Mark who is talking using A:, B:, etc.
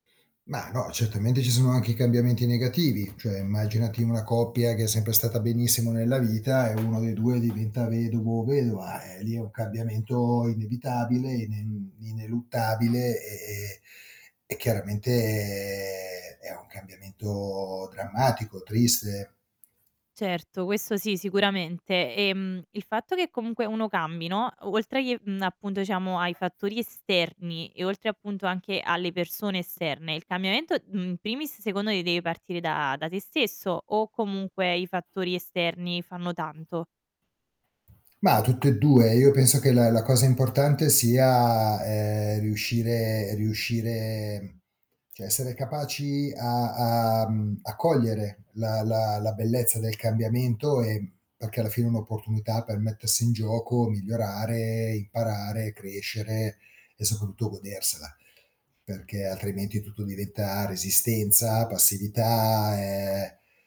A: Ma no, certamente ci sono anche i cambiamenti negativi. Cioè, immaginati una coppia che è sempre stata benissimo nella vita e 1 dei 2 diventa vedovo o vedova. Eh, lì è un cambiamento inevitabile, ine ineluttabile e e e chiaramente è un cambiamento drammatico, triste.
B: Certo, questo sì, sicuramente. Ehm, il fatto che comunque uno cambi, no, oltre che mhmm, appunto diciamo ai fattori esterni e oltre appunto anche alle persone esterne, il cambiamento, mhmm, in primis secondo me ti deve partire da da te stesso, o comunque i fattori esterni fanno tanto?
A: Mah, tutte e 2. Io penso che la la cosa importante sia, ehm, riuscire riuscire cioè essere capaci a a, mhmm, a cogliere la la la bellezza del cambiamento e perché alla fine è un'opportunità per mettersi in gioco, migliorare, imparare, crescere e soprattutto godersela. Perché altrimenti tutto diventa resistenza, passività e r